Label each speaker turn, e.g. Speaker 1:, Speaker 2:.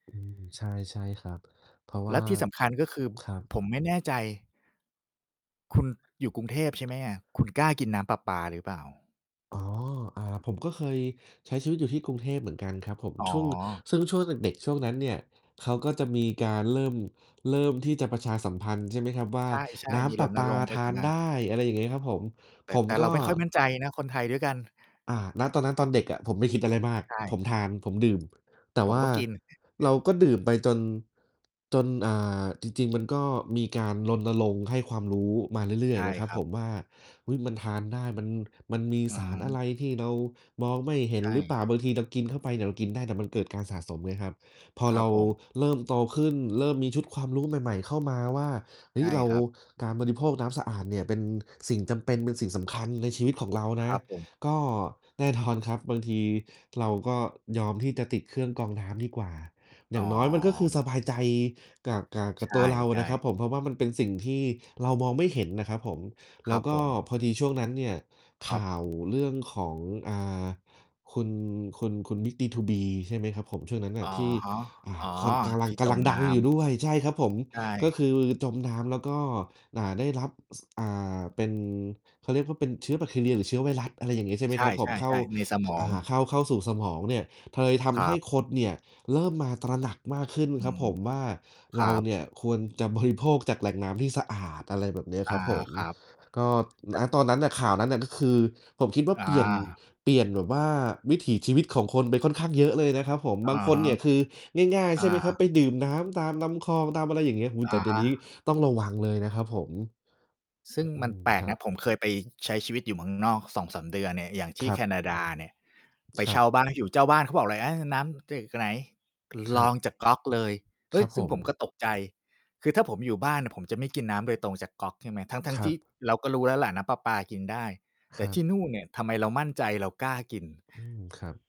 Speaker 1: อืม ใช่ ใช่ครับ เพราะว
Speaker 2: แล
Speaker 1: ่
Speaker 2: ะ
Speaker 1: า
Speaker 2: ที่สำคัญ ก็คือ
Speaker 1: ครับ
Speaker 2: ผมไม่แน่ใจ คุณอยู่กรุงเทพใช่ไหมอะ? คุณกล้ากินน้ำประปาหรือเปล่า?
Speaker 1: อ๋อ อ่า ผมก็เคยใช้ชีวิตอยู่ที่กรุงเทพเหมือนกันครับผม
Speaker 2: อ๋อ
Speaker 1: ช่วง ซึ่งช่วงเด็ก ๆ ช่วงนั้นเนี่ย เขาก็จะมีการเริ่ม เริ่มที่จะประชาสัมพันธ์ ใช่ไหมครับว่า
Speaker 2: ใช่
Speaker 1: น้
Speaker 2: ๆ มี
Speaker 1: ำป
Speaker 2: ร
Speaker 1: ระป
Speaker 2: ณร
Speaker 1: า
Speaker 2: งค์ปร
Speaker 1: ท
Speaker 2: ะส
Speaker 1: า
Speaker 2: าน
Speaker 1: น
Speaker 2: งา
Speaker 1: ได
Speaker 2: น
Speaker 1: ้ อะไรอย่างงี้ ครับผม
Speaker 2: แต่
Speaker 1: ผม
Speaker 2: แต่
Speaker 1: ก
Speaker 2: เรา
Speaker 1: ็
Speaker 2: ไม่ค่อยมั่นใจนะ คนไทยด้วยกัน
Speaker 1: อ่า ณ ตอนนั้นตอนเด็กอะ ผมไม่คิดอะไรมาก
Speaker 2: ใช่
Speaker 1: ผมทาน ผมดื่ม แต่
Speaker 2: ผ
Speaker 1: ว
Speaker 2: ม
Speaker 1: ่า
Speaker 2: ก็กิน
Speaker 1: เราก็ดื่มไปจน จน อ่า จริง ๆ มันก็มีการรณรงค์ให้ความรู้มาเรื่
Speaker 2: ใ
Speaker 1: อ
Speaker 2: ช
Speaker 1: ย
Speaker 2: ่
Speaker 1: ๆ นะครั
Speaker 2: ค
Speaker 1: บ
Speaker 2: รั
Speaker 1: ผ
Speaker 2: บ
Speaker 1: มว่า อุ๊ย มันทานได้ มัน มันมี
Speaker 2: อื
Speaker 1: สารอ
Speaker 2: ม
Speaker 1: ะไรที่เรามองไม่เห็
Speaker 2: ใช
Speaker 1: นหรือเป
Speaker 2: ่
Speaker 1: ล่า? บางทีเรากินเข้าไปเนี่ย เรากินได้ แต่มันเกิดการสะสมไงครับ พอ
Speaker 2: คร
Speaker 1: เ
Speaker 2: ั
Speaker 1: ร
Speaker 2: บ
Speaker 1: า
Speaker 2: ผม
Speaker 1: เริ่มโตขึ้น เริ่มมีชุดความรู้ใหม่ ๆ เข้ามาว่า เฮ
Speaker 2: ใช
Speaker 1: ้ย
Speaker 2: ่
Speaker 1: เรา
Speaker 2: ครับ
Speaker 1: การบริโภคน้ำสะอาดเนี่ย เป็นสิ่งจำเป็น เป็นสิ่งสำคัญในชีวิตของเรา
Speaker 2: ค
Speaker 1: นะ
Speaker 2: รับผม
Speaker 1: ก็แน่นอนครับ บางทีเราก็ยอมที่จะติดเครื่องกรองน้ำดีกว่า อ
Speaker 2: อ
Speaker 1: ย
Speaker 2: ๋
Speaker 1: ่างน้อยมันก็คือ
Speaker 2: อ
Speaker 1: สบายใจกะ กะ ก
Speaker 2: ใ
Speaker 1: ับตัวเราอ
Speaker 2: ช
Speaker 1: ะน
Speaker 2: ่
Speaker 1: ะครับ
Speaker 2: ๆ
Speaker 1: ผม เพราะว่ามันเป็นสิ่งที่เรามองไม่เห็นนะครับผม แล
Speaker 2: คร
Speaker 1: ้
Speaker 2: ั
Speaker 1: ว
Speaker 2: บ
Speaker 1: ก
Speaker 2: ผ
Speaker 1: ็
Speaker 2: ม
Speaker 1: พอดีช่วงนั้นเนี่ย
Speaker 2: ค
Speaker 1: ข
Speaker 2: รั
Speaker 1: ่
Speaker 2: บ
Speaker 1: าวเรื่องของ อ่า คุณ คุณ คุณ บิ๊ก D2B ใช่ไหมครับผม ช่วงนั้นน่
Speaker 2: อ
Speaker 1: ะ อ่า
Speaker 2: ะ
Speaker 1: ที่
Speaker 2: ฮะ อ๋อ
Speaker 1: คอน กำลั
Speaker 2: ท
Speaker 1: ง
Speaker 2: ี่
Speaker 1: ก
Speaker 2: จ
Speaker 1: ำลั
Speaker 2: ม
Speaker 1: งด
Speaker 2: น
Speaker 1: ัง
Speaker 2: ้
Speaker 1: อยู
Speaker 2: ำ
Speaker 1: ่ด้วย ใช่ครับผม
Speaker 2: ใช
Speaker 1: ก็
Speaker 2: ่
Speaker 1: คือจมน้ำ แล้วก็ อ่า ได้รับ ซ อ่า เป็น เขาเรียกว่า เป็นเชื้อแบคทีเรียหรือเชื้อไวรัส อะไรอย่างเงี้ย ใช่ไหม
Speaker 2: ใช
Speaker 1: ครับผม
Speaker 2: ่
Speaker 1: เข้า
Speaker 2: ๆ ๆ ในส
Speaker 1: ท
Speaker 2: มอ
Speaker 1: อ่
Speaker 2: ง
Speaker 1: า เข้า เข้าสู่สมองเนี่ย เลย ท
Speaker 2: คร
Speaker 1: ำให
Speaker 2: ั
Speaker 1: ้
Speaker 2: บ
Speaker 1: คนเนี่ย เริ่มมาตระหนักมากขึ้น
Speaker 2: อื
Speaker 1: ครับ
Speaker 2: ม
Speaker 1: ผมว่า
Speaker 2: ค
Speaker 1: เร
Speaker 2: รั
Speaker 1: าเ
Speaker 2: บ
Speaker 1: นี่ย ควรจะบริโภคจากแหล่งน้ำที่สะอาด อะไรแบบเนี้ย
Speaker 2: อ
Speaker 1: คร
Speaker 2: า
Speaker 1: ับผม
Speaker 2: ครับ
Speaker 1: ก็
Speaker 2: แต
Speaker 1: ณ
Speaker 2: ่
Speaker 1: ตอนนั้นน่ะ ข่าวนั้นน่ะ ก็คือผมคิดว่า
Speaker 2: อ
Speaker 1: เปลี่ยน
Speaker 2: า
Speaker 1: เปลี่ยนแบบว่า วิถีชีวิตของคนไปค่อนข้างเยอะเลยนะครับผม
Speaker 2: อ
Speaker 1: บา
Speaker 2: ะ
Speaker 1: งค
Speaker 2: ฮ
Speaker 1: น
Speaker 2: ะ
Speaker 1: เนี่ย คือง่าย ๆ
Speaker 2: อ
Speaker 1: ใช่
Speaker 2: า
Speaker 1: ไหมครับ ไปดื่มน้ำตามลำคลอง ตามอะไรอย่างเงี้ย โอ้โฮ
Speaker 2: อ
Speaker 1: แต่
Speaker 2: า
Speaker 1: เดี
Speaker 2: ฮ
Speaker 1: ๋ยวนี้
Speaker 2: ะ
Speaker 1: ต้องระวังเลยนะครับผม
Speaker 2: ซึ่
Speaker 1: อื
Speaker 2: ง
Speaker 1: อ อ
Speaker 2: ม
Speaker 1: ื
Speaker 2: ัน
Speaker 1: ม
Speaker 2: แปล
Speaker 1: ค
Speaker 2: ก
Speaker 1: ร
Speaker 2: น
Speaker 1: ับ
Speaker 2: ะ ผมเคยไป ช ใช้ชีวิตอยู่เมืองนอก 2-3 เดือนเนี่ย อย่างที
Speaker 1: ค
Speaker 2: ่
Speaker 1: รั
Speaker 2: แค
Speaker 1: บ
Speaker 2: นาดาเนี่ย ไป
Speaker 1: คร
Speaker 2: เช
Speaker 1: ั
Speaker 2: ่
Speaker 1: บ
Speaker 2: าบ้านอยู่ เจ้าบ้านเขาบอกเลยอะ น้ำจาก ไหน
Speaker 1: ค
Speaker 2: ร
Speaker 1: รั
Speaker 2: อ
Speaker 1: บ
Speaker 2: งจากก๊อกเลย เฮ
Speaker 1: ค
Speaker 2: ้
Speaker 1: ร
Speaker 2: ย
Speaker 1: ับ
Speaker 2: ซึ
Speaker 1: ผ
Speaker 2: ่งผมก
Speaker 1: ม
Speaker 2: ็ตกใจ คือถ้าผมอยู่บ้านน่ะ ผมจะไม่กินน้ำโดยตรงจากก๊อก ใช่ไหม ทั้
Speaker 1: ค
Speaker 2: ง ๆ
Speaker 1: ร
Speaker 2: ท
Speaker 1: ั
Speaker 2: ี่
Speaker 1: บ
Speaker 2: เราก็รู้แล้วล่ะ น้ำประปากินได้ แ
Speaker 1: ค
Speaker 2: ต่
Speaker 1: รั
Speaker 2: ที
Speaker 1: บ
Speaker 2: ่นู่นเนี่ย ทำไมเรามั่นใจ เรากล้ากิน
Speaker 1: อืม ครับ